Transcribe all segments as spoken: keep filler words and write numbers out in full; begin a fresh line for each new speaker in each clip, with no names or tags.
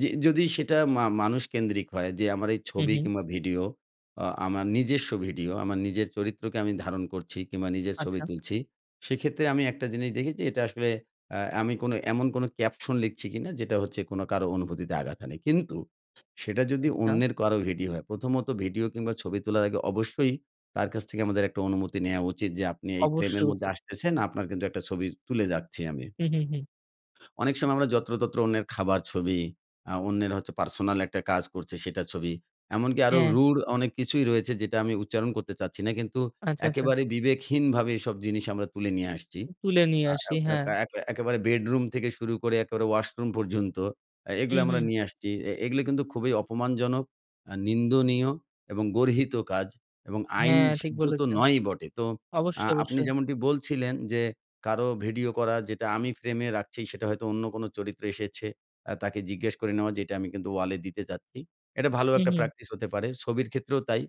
জি, যদি সেটা মা মানুষ কেন্দ্রিক হয় যে আমার এই
হুম,
ছবি
হুম।
কিংবা ভিডিও আ আমার নিজস্ব ভিডিও আমার নিজের চরিত্রকে আমি ধারণ করছি কিংবা নিজের ছবি
আচ্ছা।
তুলছি সেক্ষেত্রে আমি একটা জিনিস দেখেছি এটা আসলে আ আমি কোনো এমন কোনো caption লিখছি কিনা যেটা হচ্ছে কোনো কারো অনুভূতিতে আঘাত হানে। কিন্তু সেটা যদি
আচ্ছা।
অন্যের কারো ভিডিও হয় প্রথমত ভিডিও কিংবা ছবি তোলার আগে অবশ্যই তার কাছ থেকে আমাদের একটা অনুমতি নেয়া উচিত, যে আপনি এই ফ্রেমের
অবশ্যই
মধ্যে
উচিত।
আসতেছেন আপনার কিন্তু একটা ছবি তুলে যাচ্ছি আমি।
হুম, হুম, হুম।
অনেক সময় আমরা যত্রতত্র অন্যের খাবার ছবি, আ অন্যের হচ্ছে পার্সোনাল একটা কাজ করছে সেটা ছবি। এমনকি আরও
হ্যাঁ।
রুড় অনেক কিছুই রয়েছে যেটা আমি উচ্চারণ করতে চাচ্ছি না। কিন্তু
আচ্ছা, আচ্ছা।
একেবারে বিবেকহীনভাবে এসব জিনিস আমরা তুলে নিয়ে আসছি।
তুলে নিয়ে
আ
আসি,
আ
হ্যাঁ।
ক্যাকা একে একেবারে বেডরুম থেকে শুরু করে একেবারে ওয়াশরুম পর্যন্ত আ এগুলা
হুম,
আমরা
হুম।
নিয়ে আসছি। অ্যা এগুলো কিন্তু খুবই অপমানজনক, আ নিন্দনীয় এবং গর্হিত কাজ এবং আইন
হ্যাঁ, ঠিক
সিদ্ধ তো
বলেছেন,
নয়ই বটে। তো আ
অবশ্যই,
আপনি
অবশ্যই।
যেমনটি বলছিলেন, যে কারো ভিডিও করা যেটা আমি ফ্রেমে রাখছি সেটা হয়তো অন্য কোন চরিত্র এসেছে আ তাকে জিজ্ঞেস করে নেওয়া যে "এটা আমি কিন্তু ওয়ালে দিতে চাচ্ছি," এটা ভালো একটা
উহু।
প্র্যাকটিস হতে পারে ছবির ক্ষেত্রেও তাই।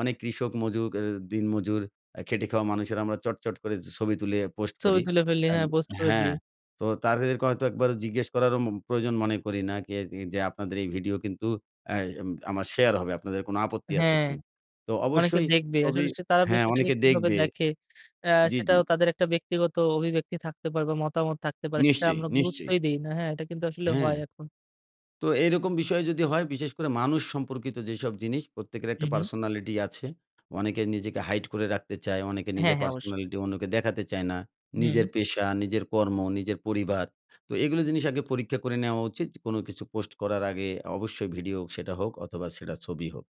অনেক কৃষক মজুক অ্যা দিন মজুর আ খেটে খাওয়া মানুষেরা আমরা চট, চট করে ছবি তুলে পোস্ট
ছবি
করি।
তুলে ফেলি
অ্যান
হ্যাঁ, পোস্ট করে
হ্যাঁ,
দিই।
তো তাদেরকে হয়তো একবারও জিজ্ঞেস করারও মু প্রয়োজন মনে করি না। কে যে, যে আপনাদের এই ভিডিও কিন্তু আ অ্যাম আমার শেয়ার হবে, আপনাদের কোন আপত্তি আছে
হ্যাঁ,
কিনা? তো
অনেকে
অবশ্যই
দেখবে
ছবি
আসলে সে তারা
হ্যাঁ
বিষয়টাকে
অনেকে
কিভাবে
দেখবে
দেখে আ
জি, জি।
সেটাও তাদের একটা ব্যক্তিগত অভিব্যক্তি থাকতে পারবে মতামত থাকতে পারে, সেটা
নিশ্চয়ই,
আমরা
নিশ্চয়ই।
গুরুত্বই দেই না, হ্যাঁ এটা কিন্তু আসলে
হ্যাঁ,
হয় এখন।
তো এরকম বিষয় যদি হয় বিশেষ করে মানুষ সম্পর্কিত যেসব জিনিস প্রত্যেকের একটা
হুম, হুম।
personality আছে। অনেকে নিজেকে hide করে রাখতে চায় অনেকে
হ্যাঁ,
নিজের
হ্যাঁ, অবশ্যই।
personality অন্যকে দেখাতে চায় না
হুম।
নিজের পেশা, নিজের কর্ম, নিজের পরিবার। তো এগুলো জিনিস আগে পরীক্ষা করে নেওয়া উচিত। কোন কিছু পোস্ট করার আগে অবশ্যই ভিডিও হোক ছেটা হোক অথবা সেটা ছবি হোক।